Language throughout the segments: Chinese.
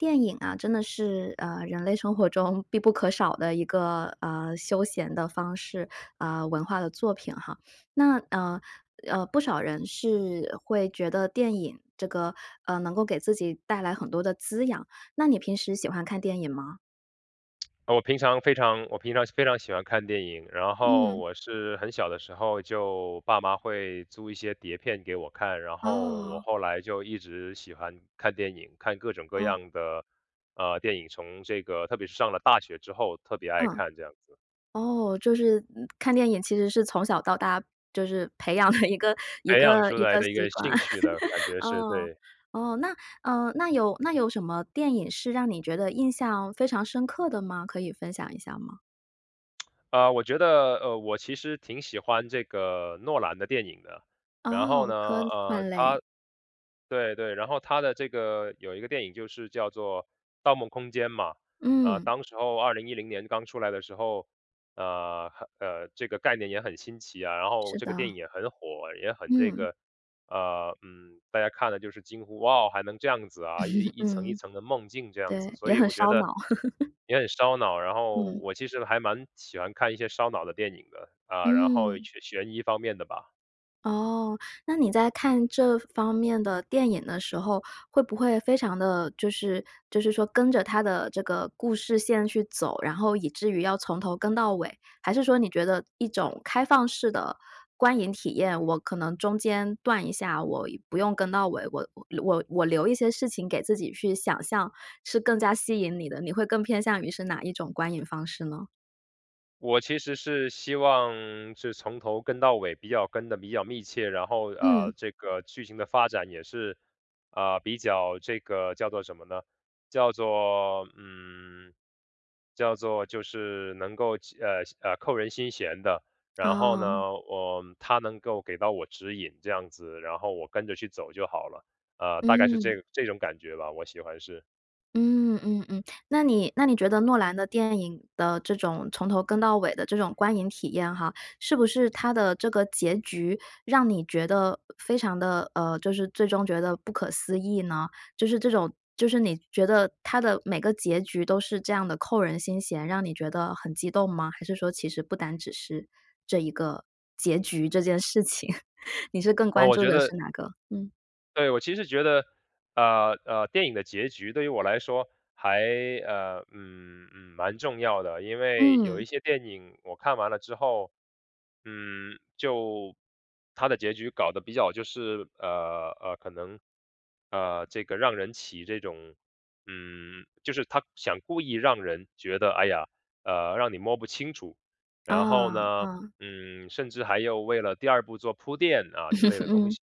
电影啊，真的是，呃，人类生活中必不可少的一个，呃，休闲的方式。呃，文化的作品哈。那，呃，呃，不少人是会觉得电影这个，呃，能够给自己带来很多的滋养。那你平时喜欢看电影吗？呃，我平常非常我平常是非常喜欢看电影，然后嗯。我是很小的时候就爸妈会租一些碟片给我看，然后我哦。后来就一直喜欢看电影，看各种各哦。样的，呃，电影，从这个特别是上了大学之后，特别爱嗯。看这样子。哦，就是，嗯，看电影其实是从小到大，就是培养的一个一培养个出一来个的一习个惯。兴趣的，感 觉是，哦，对。哦，那嗯，那有那有什么电影是让你觉得印象非常深刻的吗？可以分享一下吗？呃，我觉得，呃，我其实挺喜欢这个诺兰的电影的。然后哦，呢，科呃，幻类。他对对，然后他的这个有一个电影就是叫作《盗梦空间》嘛。呃，嗯。当时候2010年刚出来的时候，呃，呵，呃，这个概念也很新奇啊，然后是这个的。电影也很火，也很这嗯。个，呃，嗯，大家看的就是惊呼：“哇哦，还能这样子啊，1 1层1嗯，层的梦境这样子。”对，所也以很我觉烧得，脑。也很烧脑，然后嗯。我其实还蛮喜欢看一些烧脑的电影的。呃，然后嗯。悬悬疑方面的吧。哦，那你在看这方面的电影的时候，会不会非常的就是就是说跟着它的这个故事线去走，然后以至于要从头跟到尾，还是说你觉得一种开放式的观影体验，我可能中间断一下，我不用跟到尾，我我我留一些事情给自己去想象是更加吸引你的，你会更偏向于是哪一种观影方式呢？我其实是希望是从头跟到尾比较跟得比较密切，然后，呃，嗯。这个剧情的发展也是，呃，比较这个叫作什么呢？叫做，嗯，叫作就是能够齐呃，呃，扣人心弦的。然后哦。呢，我它能够给到我指引这样子，然后我跟着去走就好了，呃，大概是嗯。这这种感觉吧，我喜欢是。嗯，嗯嗯，那你那你觉得诺兰的电影的这种从头跟到尾的这种观影体验哈，是不是它的这个结局，让你觉得非常的，呃，就是最终觉得不可思议呢？就是这种就是你觉得它的每个结局都是这样的扣人心弦，让你觉得很激动吗？还是说其实不单只是这一个结局、这件事情，你是更呃，关我注觉的得是哪个？嗯。对，我其实觉得，呃，呃，电影的结局对于我来说，还，呃，嗯，嗯，蛮重要的，因为有一嗯。些电影我看完了之后，嗯，就它的结局搞得比较就是，呃呃，可能，呃，这个让人起这种嗯，就是它想故意让人觉得，哎呀，呃，让你摸不清楚，然后啊，呢，嗯。嗯，甚至还有为了第2部做铺垫，啊，之类的 东嗯，西。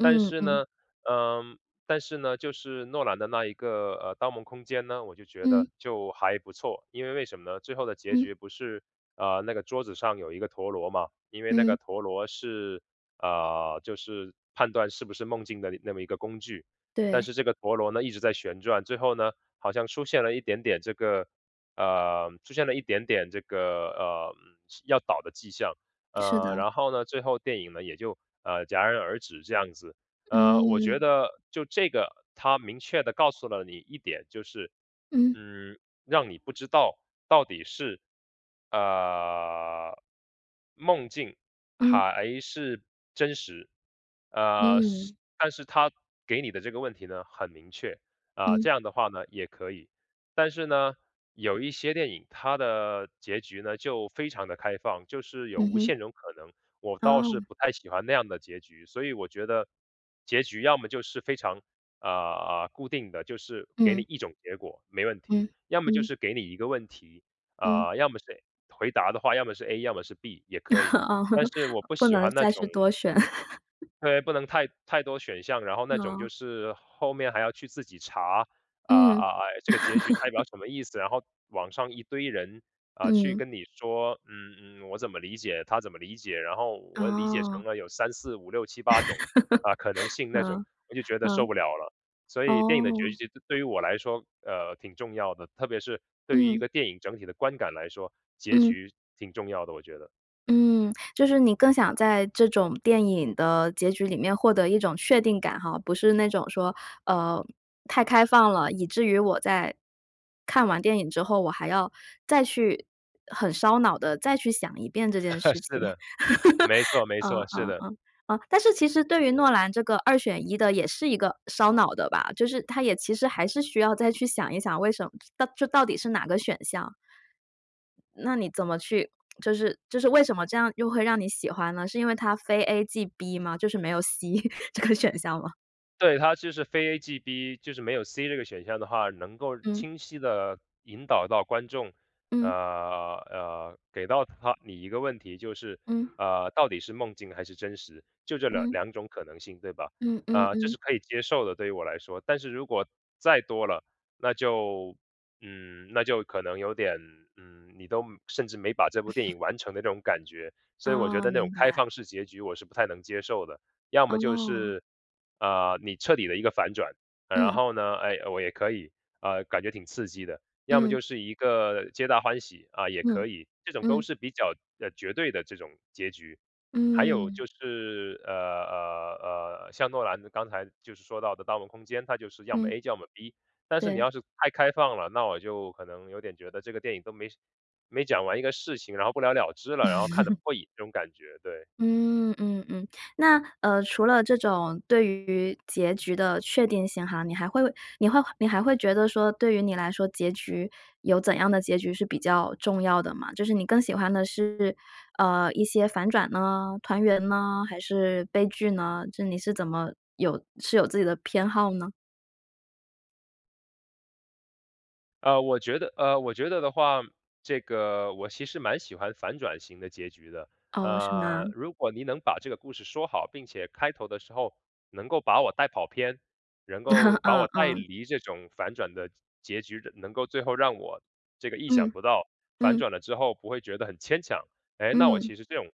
但是嗯。呢，呃，但是呢，就是诺兰的那一个，呃，盗梦空间呢，我就觉嗯。得就还不错，因为为什么呢？最后的结嗯。局不是，呃，那个桌子上有一个陀螺嘛，因为那嗯。个陀螺是，呃，就是判断是不是梦境那那么一个工具。但对。是这个陀螺呢，一直在旋转，最后呢，好像出现了一点点这个呃，出现了一点点这个，呃，是要倒的迹象，是的。呃，然后呢，最后电影呢，也就，呃，戛然而止这样子，呃，我觉嗯。得就这个它明确地告诉了你一点就是，嗯。嗯，让你不知道到底是，呃，梦境嗯。还是真实。呃，是嗯。但是它给你的这个问题呢，很明确，啊，嗯。这样的话呢，也可以。但是呢，有一些电影，它的结局呢，就非常得开放，就是有嗯无哼。限的可能，我倒是哦。不太喜欢那样的结局，所以我觉得结局要么就是非常，呃呃，固定的，就是给你嗯。一种结果，没问题，嗯，要么就嗯。是给你一个问题，嗯。啊，要么是 A 回答的话，要么是 A，要么是 B 也可以，哦，但 是我不不喜能欢那再种去多选。对，不能太太多选项，然后那种就哦。是后面还要去自己查，啊嗯。啊，哎，这个结局代表 什么意思，然后网上一堆人，呃，去嗯。跟你说：“嗯嗯，我怎么理解，他怎么理解，然后我理解成哦。了有3、4、5、6、7、8种。”呃，可能 性那种。嗯，我就觉得受嗯，不了了，所以电影的结哦。局对对于我来说，呃，挺重要的，特别是对于一嗯。个电影整体的观感来说，结嗯。局挺重要的我觉得。嗯，就是你更想在这种电影的结局里面获得一种确定感哈，不是那种说，呃，太开放了，以至于我在看完电影之后我还要再去很烧脑地再去想一遍这件 事是情。的，没错，没嗯错，是嗯的。嗯嗯。但是其实对于诺兰这个2选1的也是一个烧脑的吧？就是它也其实还是需要再去想一想，为什么就到就到底是哪个选项？那你怎么去就是就是为什么这样又会让你喜欢呢？是因为它非 A 即 B 吗？就是没有 C 这个选项吗？对，它就是非 A 即 B，就是没有 C 这个选项的话，能够嗯。清晰地引导到观众，呃，嗯。呃，给到他你一个问题，就是，嗯。呃，到底是梦境还是真实，就这2嗯。2种可能性，对吧？嗯，嗯呃，这嗯。是可以接受的，对于我来说。但是如果再多了，那就，嗯，那就可能有点，嗯，你都甚至没把这部电 影完成的那种感觉。所以我觉哦，得那种明开白。放式结局我是不太能接受的。要么就哦。是，呃，你彻底的一个反转，嗯，然嗯。后呢，哎，我也可以，呃，感觉挺刺激的。要么嗯。就是一个皆大欢喜，啊，也嗯，可以。这种都嗯。是比较，呃，绝对的这种结局。还有嗯。就是，呃，呃，呃，像诺兰刚才就是说到的盗梦空间，它就是要么嗯。A 要么 B，但是你对。要是太开放了，那我就可能有点觉得这个电影都没事没讲完一个事情，然后不了了之了，然后看得不 过瘾，这种感觉，对。嗯，嗯嗯，那，呃，除了这种对于结局的确定性哈，你还会你会你还会觉得说对于你来说，结局有怎样的结局是比较重要的吗？就是你更喜欢的是，呃，一些反转呢？团圆呢？还是悲剧呢？就你是怎么有是有自己的偏好呢？呃，我觉得呃，我觉得的话，这个我其实蛮喜欢反转型的结局的，哦，什么啊？呃，如果您能把这个故事说好，并且开头的时候能够把我带跑偏，能够 把我嗯，带嗯。离这种反转的结结局，能够最后让我这个意想嗯。不到，反嗯。转了之后不会觉得很牵强。诶，那我嗯。其实这种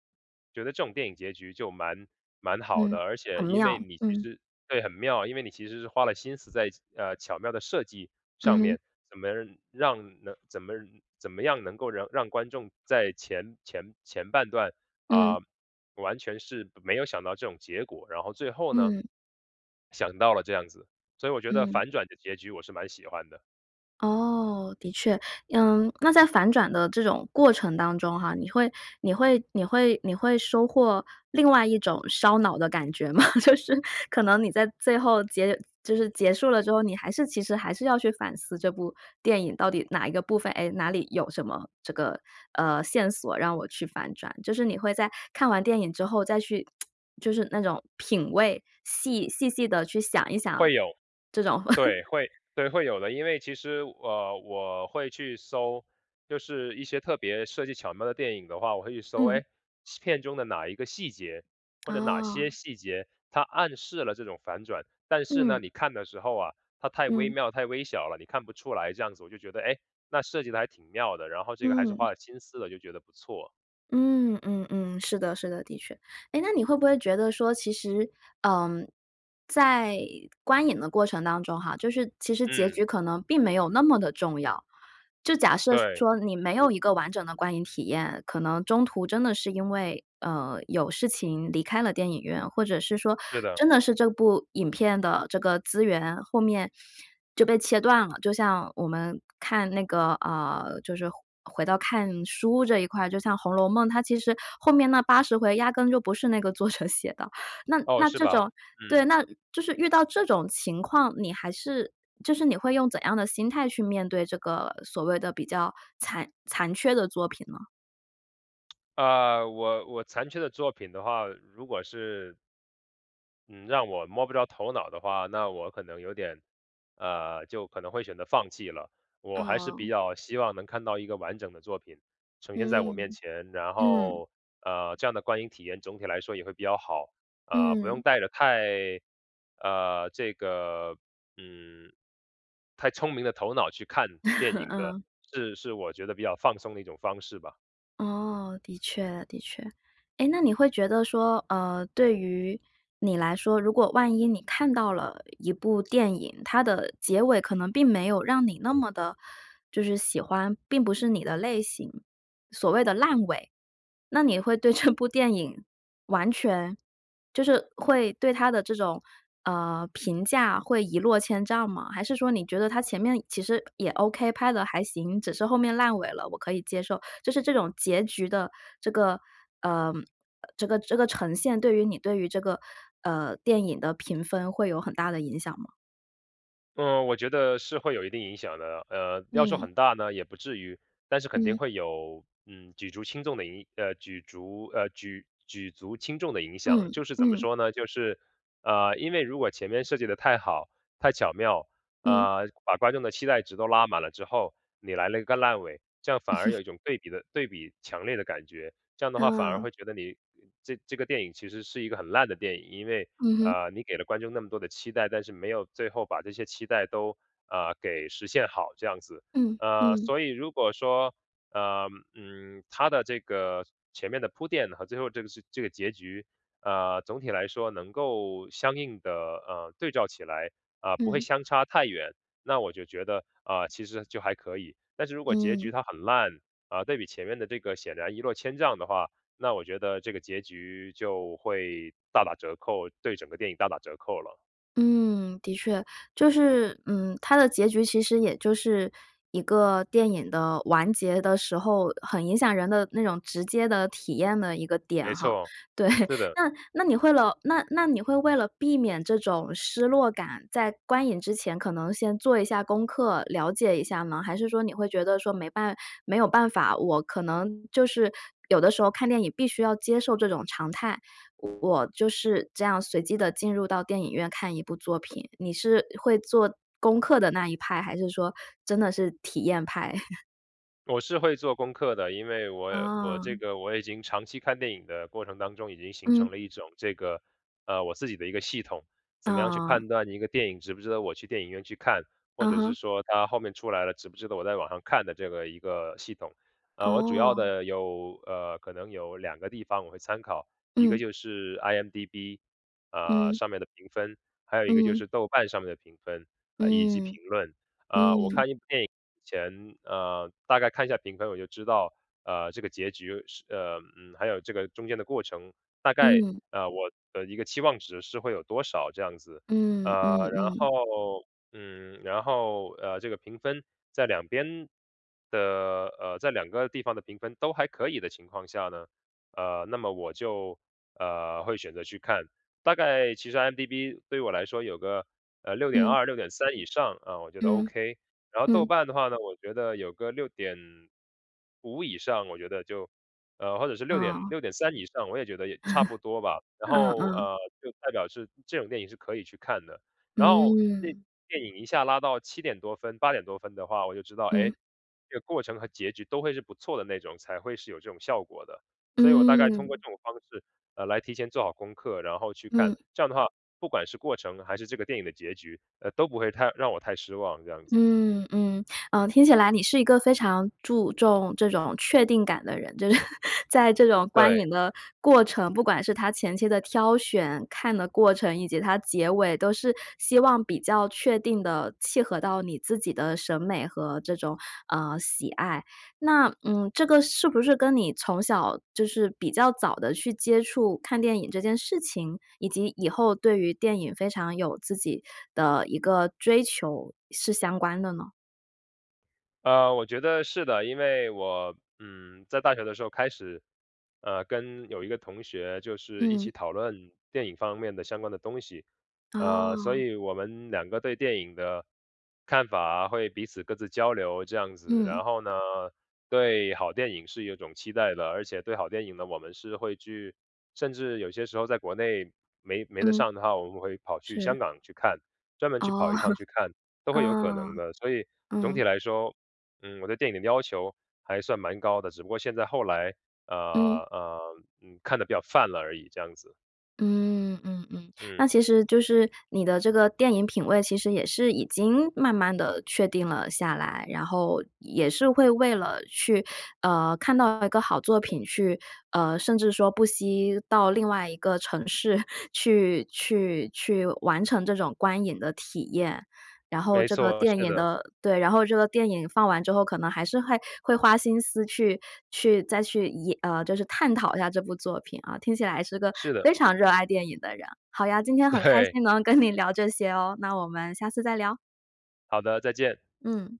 觉得这种电影结局就蛮蛮好嗯，的，而且很因为妙，你其嗯。实对，很妙。因为你其实是花了心思在其呃，巧妙的设计嗯上哼。面，怎么能让能怎么怎么样能够让让观众在前前前半段，呃，完全是没有想到这种结果，然后最后呢，嗯。想到了这样子，所以我觉得嗯。反转的结局我是蛮喜欢的。哦，的确。嗯，那在反转的这种过程当中哈，你会你会你会你会收获另外一种烧脑的感觉吗？就是可能你在最后结就是结束了之后，你还是其实还是要去反思这部电影到底哪一个部分，诶，哪里有什么这个，呃，线索，让我去反转。就是你会在看完电影之后再去 就是那种品味，细细细地去想一想会有，这种 对，会对，会有的，因为其实，呃，我会去搜就是一些特别设计巧妙的电影的话，我会去搜，嗯。诶，些片中的哪一个细节或者哪些哦。细节，它暗示了这种反转。但是呢，嗯。你看的时候啊，它太微嗯。妙、太微小了，你看不出来这样子。我就觉得，诶，那设计的还挺妙的，然后这个还是嗯。花了心思的，就觉得不错。嗯，嗯嗯，是的，是的，的确。诶，那你会不会觉得说其实，呃，在观影的过程当中哈，就是其实结嗯。局可能并没有那么的重要。就假设对。说你没有一个完整的观影体验，可能中途真的是因为，呃，有事情离开了电影院，或者是说是的。真的是这部影片的这个资源后面就被切断了，就像我们看那个，呃，就是回回到看书这一块，就像红楼梦，它其实后面那80回压根就不是那个作者写的。那哦，那是这吧，种对，嗯。那就是遇到这种情况，你还是就是你会用怎样的心态去面对这个所谓的比较残残缺的作品呢？呃，我我残缺的作品的话，如果是嗯，让我摸不着头脑的话，那我可能有点，呃，就可能会选择放弃了。我还是比嗯。较希望能看到一个完整的作品呈现在我面嗯。前。然嗯。后，呃，这样的观影体验总体来说也会比较好，呃，不用嗯。带着太，呃，这个，嗯，太聪明的头脑去看电 影的，嗯。是是我觉得比较放松的一种方式吧。哦，的确，的确。诶，那你会觉得说，呃，对于你来说，如果万一你看到了一部电影，它的结尾可能并没有让你那么地就是喜欢，并不是你的类型所谓的烂尾。那你会对这部电影完全就是会对它的这种，呃，评价会一落千丈吗？还是说你觉得它前面其实也 OK，拍得还行，只是后面烂尾了，我可以接受？就是这种结局的这个，呃，呃这个这个呈现，对于你对于这个，呃，电影的评分会有很大的影响吗？嗯，我觉得是会有一定影响的。呃，要说嗯。很大呢也不至于。但是肯定嗯。会有，嗯，举足轻重的影呃，举足呃，举举足轻重的影响。嗯，就是怎么嗯。说呢，就是，呃，因为如果前面设计得太好、太巧妙，嗯。呃，把观众的期待值都拉满了之后，你来了一个烂尾，这样反嗯而哼。有一种对比的对比强烈的感觉。这样的话，反而嗯。会觉得你呃，这这个电影其实是一个很烂的电影。因为，嗯哼。呃，你给了观众那么多的期待，但是没有最后把这些期待都，呃，给实现好，这样子。嗯，呃，嗯。所以如果说，呃，嗯，它的这个前面的铺垫和最后这个是这个结局，呃，总体来说能够相应的，呃，对照起来啊，不会嗯。相差太远。那我就觉得，呃，其实就还可以。但是如果结局嗯。它很烂，啊，对比前面的这个显然一落千丈的话，那我觉得这个结局就会大打折扣，对整个电影大打折扣了。嗯，的确。就是，嗯，它的结局其实也就是一个电影的完结的时候很影响人的那种直接的体验的一个点没哈。错，对，是的。那那你会了那那你会为了避免这种失落感，在观影之前可能先做一下功课了解一下吗？还是说你会觉得说没办没有办法，我可能就是，有的时候看电影必须要接受这种常态。我就是这样随机地进入到电影院看一部作品，你是会做功课的那一派，还是说真的是体验派？我是会做功课的，因为我我这嗯。个我已经长期看电影的过程当中已经形成嗯。了一种这个，呃，我自己的一个系统，怎么样去啊。判断一个电影值不值得我去电影院去看，或嗯者是哼。说它后面出来了值不值得我在网上看的这个一个系统。呃，我主要哦。的有呃，可能有两个地方我会参考。一个嗯。就是 IMDb，啊，嗯。上面的评分。还有一个就嗯。是豆瓣上面的评分，呃，以及嗯，评论，呃，我嗯。看一部电影以前，呃，大概看一下评分我就知道，呃，这个结局，是呃，嗯，还有这个中间的过程，大概，嗯。呃，我的一个期望值是会有多少这样子。呃，嗯，嗯然嗯。后，嗯，然后，呃，这个评分在2边的，呃，在2个地方的评分都还可以的情况下呢，呃，那么我就，呃，会选择去看。大概其实 IMDb 对我来说有个，呃，六点嗯。二、6.3以上，啊，我觉得嗯，OK。然后豆嗯。瓣的话呢，我觉得有个6.5以上，我觉得就，呃，或者是6点哦。6.3以上，我也觉得也差不多吧。然嗯后，嗯。呃，就代表是这种电影是可以去看的。然后那嗯。电影一下拉到7点多分、8点多分的话我就知道，嗯。诶？这个过程和结局都会是不错的那种，才会是有这种效果的。所以我大概通过嗯。这种方式，呃，来提前做好功课，然后去看。嗯。这样的话，不管是过程还是这个电影的结局，呃，都不会太让我太失望这样子。嗯，嗯，呃，听起来你是一个非常注重这种确定感的人，就是 在这种观对。影的过程，不管是它前期的挑选、看的过程，以及它结尾都是希望比较确定地契合到你自己的审美和这种，呃，喜爱。那，嗯，这个是不是跟你从小就是比较早地去接触看电影这件事情，以及以后对于电影非常有自己的一个追求是相关的呢？呃，我觉得是的。因为我，嗯，在大学的时候开始，呃，跟有一个同学就是一起嗯。讨论电影方面的相关的东西，呃，所哦。以我们两个对电影的看法会彼此各自交流这样子。嗯。然后呢，对好电影是有一种期待的，而且对好电影呢，我们是会去甚至有些时候在国内没没得嗯。上的话，我们会跑去香是。港去看，专门去跑哦，一趟 去看，都会有可能嗯，的。所以总体嗯。来说，嗯，我对电影的要求还算蛮高的，只不过现在后来，呃，嗯。呃，嗯，看得比较泛了而已，这样子。嗯，嗯嗯，那嗯。其实就是你的这个电影品位其实也是已经慢慢地确定了下来，然后，也是会为了去呃，看到一个好作品去呃，甚至说不惜到另外一个城市去去去完成这种观影的体验。然后没这个错，电是影的。的对，然后这个电影放完之后，可能还是会会花心思去去再去也呃，就是探讨一下这部作品啊，听起来是个是的。非常热爱电影的人。好呀，今天很开对。心能跟你聊这些哦，那我们下次再聊。好的，再见。嗯。